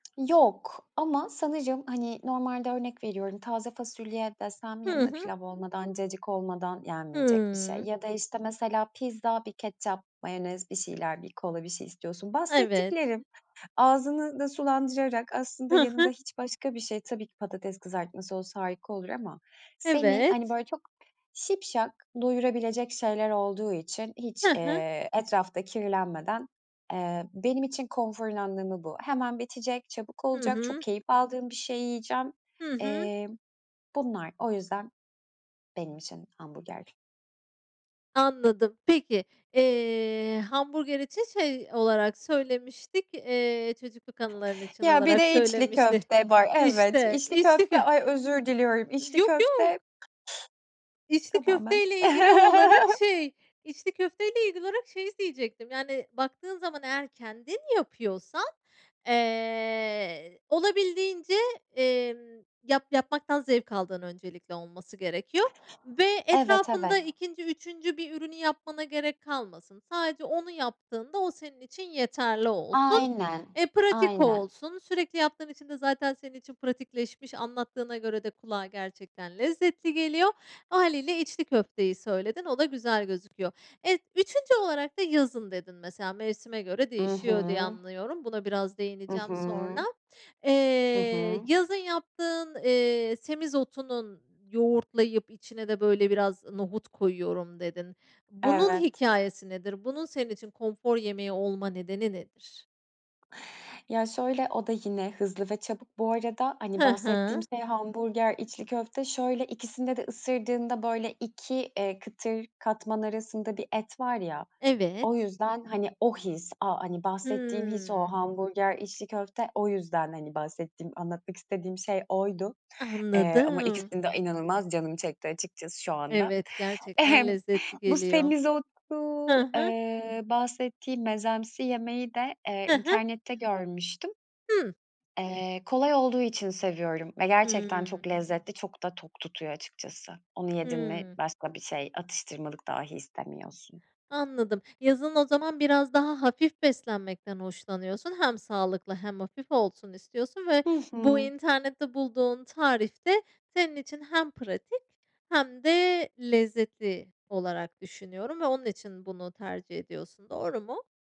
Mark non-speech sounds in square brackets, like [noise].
Yok. Ama sanırım, hani, normalde örnek veriyorum, taze fasulye desem Hı yanında hı. pilav olmadan, cacık olmadan yenmeyecek bir şey. Hıı. Ya da, işte, mesela pizza, bir ketçap, mayonez, bir şeyler, bir kola, bir şey istiyorsun. Evet. Bahsettiklerim, ağzını da sulandırarak, aslında Hı yanında hı. hiç başka bir şey, tabii ki patates kızartması olsa harika olur ama, seni, hani, Evet. böyle çok şipşak doyurabilecek şeyler olduğu için hiç, Hı hı. eee, etrafta kirlenmeden. Eee, benim için konforun anlamı bu. Hemen bitecek, çabuk Hı olacak, çok hı. keyif aldığım bir şeyi yiyeceğim. Hı hı. Eee, bunlar o yüzden benim için hamburger. Anladım. Peki, eee, hamburger için şey olarak söylemiştik, eee, çocukluk anıların için Ya, bir olarak de içli söylemişti. köfte var, evet. İşte, İçli içli kö köfte ay, özür diliyorum içli Yok, yok. köfte İçli Tamamen. köfteyle ilgili olarak, [chuckles] şey içli köfteyle ilgili olarak şeyi diyecektim: Yani, baktığın zaman eğer kendin yapıyorsan, eee, olabildiğince, emm, yap yapmaktan zevk aldığın öncelikle olması gerekiyor ve Evet, evet. etrafında 2'nci 3'üncü bir ürünü yapmana gerek kalmasın. Sadece onu yaptığında o senin için yeterli olsun. Aynen, Eee, pratik aynen. olsun. Sürekli yaptığın için de zaten senin için pratikleşmiş. Anlattığına göre de kulağa gerçekten lezzetli geliyor. Hâliyle içli köfteyi söyledin. O da güzel gözüküyor. Evet, 3'üncü olarak da yazın dedin mesela. Mevsime göre I hı. değişiyor diye anlıyorum. Buna biraz I değineceğim sonra. hı. Hı Eee, hı. yazın yaptığın, eee, semizotunun, yoğurtlayıp içine de böyle biraz nohut koyuyorum dedin. Bunun Evet. hikâyesi nedir? Bunun senin için konfor yemeği olma nedeni nedir? Ya, şöyle, o da yine hızlı ve çabuk bu arada. Hani, Hı bahsettiğim hı. şey hamburger, içli köfte. Şöyle, ikisinde de ısırdığında, böyle, 2 eee, kıtır katman arasında bir et var ya. O Evet. yüzden, hani, o his. A hani, bahsettiğim his o. Hımm. Hamburger, içli köfte. O yüzden, hani, bahsettiğim, anlatmak istediğim şey oydu. Eee, ama Anladım. ikisini de inanılmaz canım çekti açıkçası şu anda. Evet. Gerçekten [chuckles] lezzetli Bu geliyor. semizotu, Ha ha. ııı, bahsettiğim mezemsi yemeği de, eee, Hı hı. internette görmüştüm. Hı. Eee, kolay olduğu için seviyorum ve gerçekten Hımm. çok lezzetli. Çok da tok tutuyor açıkçası. Onu yedin mi, Hımm. başka bir şey, atıştırmalık dahi istemiyorsun. Anladım, yazın o zaman biraz daha hafif beslenmekten hoşlanıyorsun. Hem sağlıklı hem hafif olsun istiyorsun ve Hı bu hı. internette bulduğun tarif de senin için hem pratik hem de lezzetli olarak düşünüyorum ve onun için bunu tercih ediyorsun. Doğru mu?